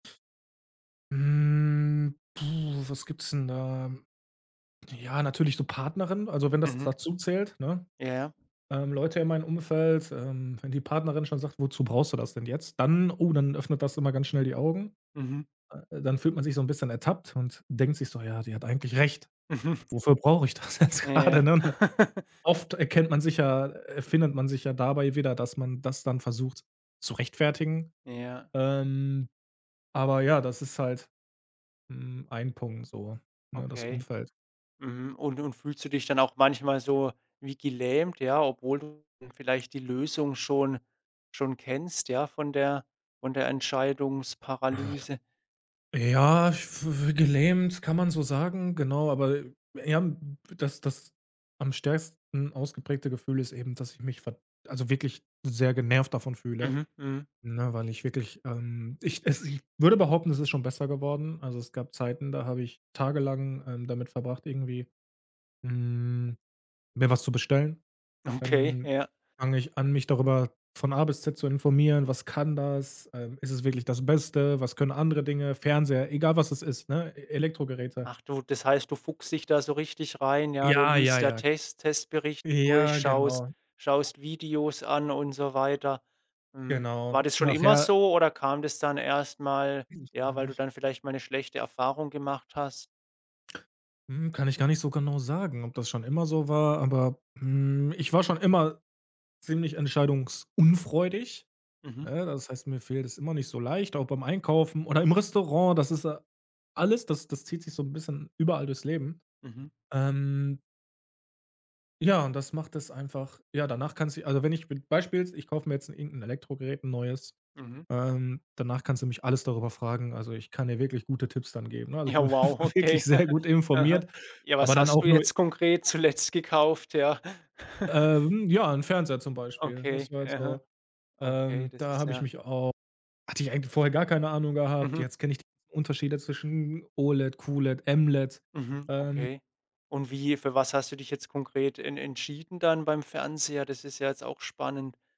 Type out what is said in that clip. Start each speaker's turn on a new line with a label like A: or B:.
A: Hm, puh, was gibt's denn da? Ja, natürlich so Partnerin also wenn das
B: Mhm.
A: dazuzählt, ne,
B: Ja.
A: ähm, Leute in meinem Umfeld, ähm, wenn die Partnerin schon sagt: „Wozu brauchst du das denn jetzt?“ Dann oh, dann öffnet das immer ganz schnell die Augen,
B: Mhm.
A: äh, dann fühlt man sich so 'n bisschen ertappt und denkt sich so: „Ja, die hat eigentlich recht.
B: Mhm.
A: Wofür brauche ich das jetzt
B: Ja, ja.
A: grade”, ne? Oft erkennt man sich ja, äh findet man sich ja dabei wieder, dass man das dann versucht zu rechtfertigen.
B: Ja.
A: Ähm, aber ja, das ist halt, hm, ein Punkt so, ne, das
B: Okay.
A: Umfeld.
B: Mhm. Und und fühlst du dich dann auch manchmal so wie gelähmt, ja, obwohl du vielleicht die Lösung schon schon kennst, ja, von der von der Entscheidungsparalyse?
A: Ja, ich f gelähmt, kann man so sagen, genau, aber, äh, eher, hm, dass das am stärksten ausgeprägte Gefühl ist eben, dass ich mich, verd also wirklich sehr genervt davon fühle,
B: Mhm. Mhm.
A: ne, weil ich wirklich ähm, ich es ich würde behaupten, es ist schon besser geworden. Also, es gab Zeiten, da habe ich tagelang, ähm, damit verbracht, irgendwie, hm, mir was zu bestellen.
B: Okay,
A: Dann
B: ja.
A: fange ich an, mich darüber von A bis Z zu informieren was kann das, äh, ist es wirklich das Beste? Was können andere Dinge? Fernseher egal, was es ist, ne? E Elektrogeräte.
B: Ach du, das heißt, du fuchst dich da so richtig rein, ja? Du
A: Ja, ja,
B: liest, ja,
A: ja,
B: Test Testberichte durch,
A: Ja,
B: schaust
A: genau.
B: schaust Videos an und so weiter. Hm, war
A: Genau.
B: das schon immer
A: Nachher
B: so oder kam das dann erst mal,
A: Kenne ich
B: ja,
A: gar
B: weil du
A: nicht.
B: dann vielleicht mal 'ne schlechte Erfahrung gemacht hast?
A: Mhm. Kann ich gar nicht so genau sagen, ob das schon immer so war, aber, hm, ich war schon immer ziemlich entscheidungsunfreudig,
B: Mhm.
A: ne? Das heißt, mir fällt es immer nicht so leicht, auch beim Einkaufen oder im Restaurant, das ist a alles das das zieht sich so 'n bisschen überall durchs Leben.
B: Mhm.
A: Ähm Ja, und das macht es einfach ja, danach kannst du die also, wenn ich mit Beispiel: Ich kauf mir jetzt 'n irgend'n Elektrogerät, 'n neues.
B: Mhm.
A: Ähm, danach kannst du mich alles darüber fragen, also, ich kann dir wirklich gute Tipps dann geben, ne? Also, ich
B: Ja,
A: bin
B: wow, okay.
A: wirklich sehr gut
B: Aha.
A: informiert,
B: Ja, was
A: aber dann
B: hast du
A: auch nur
B: jetzt konkret zuletzt gekauft? Ja.
A: Ähm, ja, 'n Fernseher zum Beispiel. Das
B: Okay.
A: war jetzt
B: Aha.
A: so
B: Okay,
A: ähm,
B: das
A: da
B: ist
A: habe ich
B: ja
A: mich auch hatte ich eigentlich vorher gar keine Ahnung gehabt,
B: Mhm.
A: jetzt kenne ich die Unterschiede zwischen OLED, QLED, MLED.
B: Mhm.
A: Ähm
B: Okay, und wie für was hast du dich jetzt konkret en entschieden dann beim Fernseher? Das ist ja jetzt auch spannend.